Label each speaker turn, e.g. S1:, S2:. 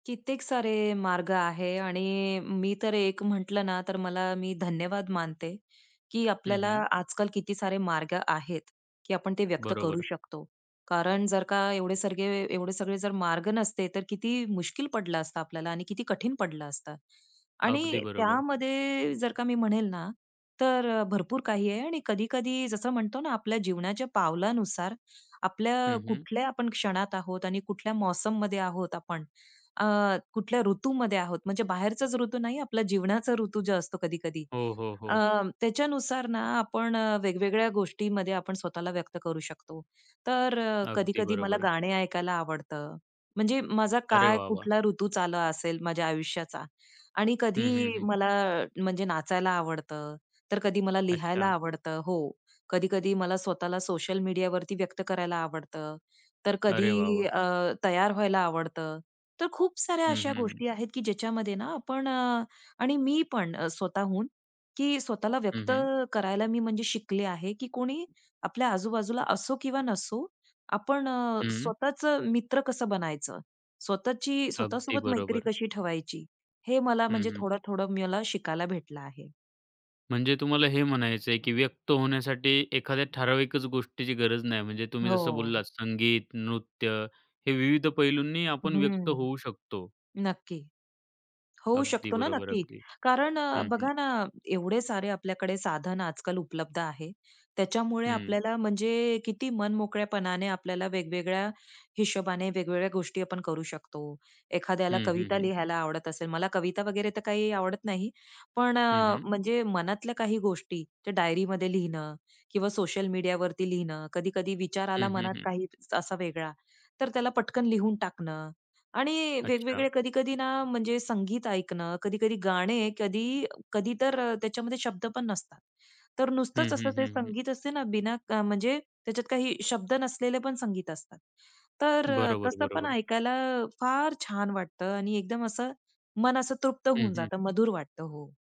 S1: कित्येक सारे मार्ग आहे आणि अ, मी तर एक म्हटलं ना तर मला मी धन्यवाद मानते, की
S2: हं,
S1: आपल्याला
S2: हं.
S1: आजकाल किती सारे मार्ग आहेत, की आपण ते व्यक्त करू
S2: बरोबर.
S1: शकतो कारण जर का एवढे सगळे एवढे सगळे जर मार्ग नसते, तर किती मुश्कील पडलं असता आपल्याला आणि किती कठीण पडलं असतं. आणि
S2: अगदी बरोबर.
S1: त्यामध्ये जर का मी म्हणेल ना तर अ, भरपूर काही आहे आणि कधी-कधी जसं म्हणतो ना आपल्या जीवनाच्या पावलानुसार आपल्या
S2: हं, हं.
S1: कुठल्या आपण क्षणात आहोत आणि कुठल्या मौसममध्ये आहोत आपण. अ, कुठल्या ऋतूमध्ये आहोत. म्हणजे बाहेरचाच ऋतू नाही, आपला जीवनाचा ऋतू जो असतो कधी-कधी.
S2: हो, हो,
S1: अ,
S2: हो.
S1: त्याच्यानुसार ना आपण अ, वेगवेगळ्या गोष्टीमध्ये आपण स्वतःला व्यक्त करू शकतो. तर अ,
S2: अगदी
S1: कधी-कधी मला
S2: बरोबर आहे.
S1: गाणे ऐकायला आवडतं, म्हणजे माझा
S2: अरे
S1: काय
S2: वाह! वाह!
S1: कुठला ऋतूच आला असेल माझ्या आयुष्याचा. आणि
S2: हं,
S1: कधी
S2: हं, हं.
S1: मला अ, म्हणजे नाचायला आवडतं, तर कधी मला लिहायला
S2: अच्छा.
S1: आवडतं. हो. कधी-कधी मला स्वतःला सोशल मीडियावरती व्यक्त करायला आवडतं, तर
S2: अरे वाह!
S1: कधी
S2: वाह!
S1: अ, तयार व्हायला आवडतं. तर खूप साऱ्या
S2: हं,
S1: अशा
S2: हं, हं.
S1: गोष्टी आहेत, की ज्याच्यामध्ये ना आपण अ, आणि मी पण अ, स्वतःहून की स्वतःला
S2: हं,
S1: व्यक्त
S2: हं.
S1: करायला मी म्हणजे शिकले आहे, की कोणी आपल्या आजूबाजूला असो किंवा नसो, आपण अ,
S2: हं.
S1: स्वतःचं मित्र कसं बनायचं, स्वतःची
S2: अगदी
S1: स्वतःसोबत मैत्री
S2: बरोबर.
S1: कशी ठेवायची हे मला
S2: हं,
S1: म्हणजे
S2: हं.
S1: थोडं-थोडं मला शिकायला भेटलं आहे.
S2: म्हणजे तुम्हाला हे म्हणायचं आहे, की व्यक्त होण्यासाठी एखाद्या ठराविकच गोष्टीची गरज नाही म्हणजे तुम्ही जसं
S1: हो.
S2: बोललात संगीत, नृत्य हे विविध पैलूंनीही आपण व्यक्त
S1: हं.
S2: होऊ शकतो.
S1: नक्की. होऊ
S2: अगदी
S1: शकतो ना
S2: बरोबर.
S1: नक्की.
S2: अगदी.
S1: कारण अ,
S2: हं, हं.
S1: बघा ना एवढे सारे आपल्याकडे साधन आजकाल उपलब्ध आहे त्याच्यामुळे
S2: हं.
S1: आपल्याला म्हणजे अ, किती मनमोकळ्यापणाने आपल्याला वेगवेगळ्या हिशोबाने वेगवेगळ्या गोष्टी आपण करू शकतो. एखाद्याला
S2: हं, हं,
S1: कविता
S2: हं.
S1: लिहायला आवडत असेल. मला कविता वगैरे तर काही आवडत नाही. पण
S2: हं,
S1: अ,
S2: हं.
S1: म्हणजे मनातल्या काही गोष्टी त्या डायरीमध्ये लिहिणं किंवा सोशल मीडियावरती लिहिणं, कधी-कधी विचार
S2: हं,
S1: आला
S2: हं,
S1: मनात
S2: हं.
S1: काही असा वेगळा तर त्याला पटकन लिहून टाकणं आणि
S2: अच्छा.
S1: वेगवेगळे कधी-कधी ना म्हणजे संगीत ऐकणं, कधी-कधी गाणे कधी कधी तर अ, त्याच्यामध्ये शब्द पण नसतात. तर नुसतंच
S2: हं,
S1: असं
S2: हं,
S1: ते
S2: हं, हं.
S1: संगीत असते ना बिना क म्हणजे त्याच्यात काही शब्द नसलेले पण संगीत असतात. तर अ,
S2: बरोबर,
S1: तसं पण
S2: बरोबर.
S1: ऐकायला अ, फार छान वाटतं आणि एकदम असं मन असं तृप्त
S2: हं,
S1: होऊन
S2: हं.
S1: जातं मधुर वाटतं. हो.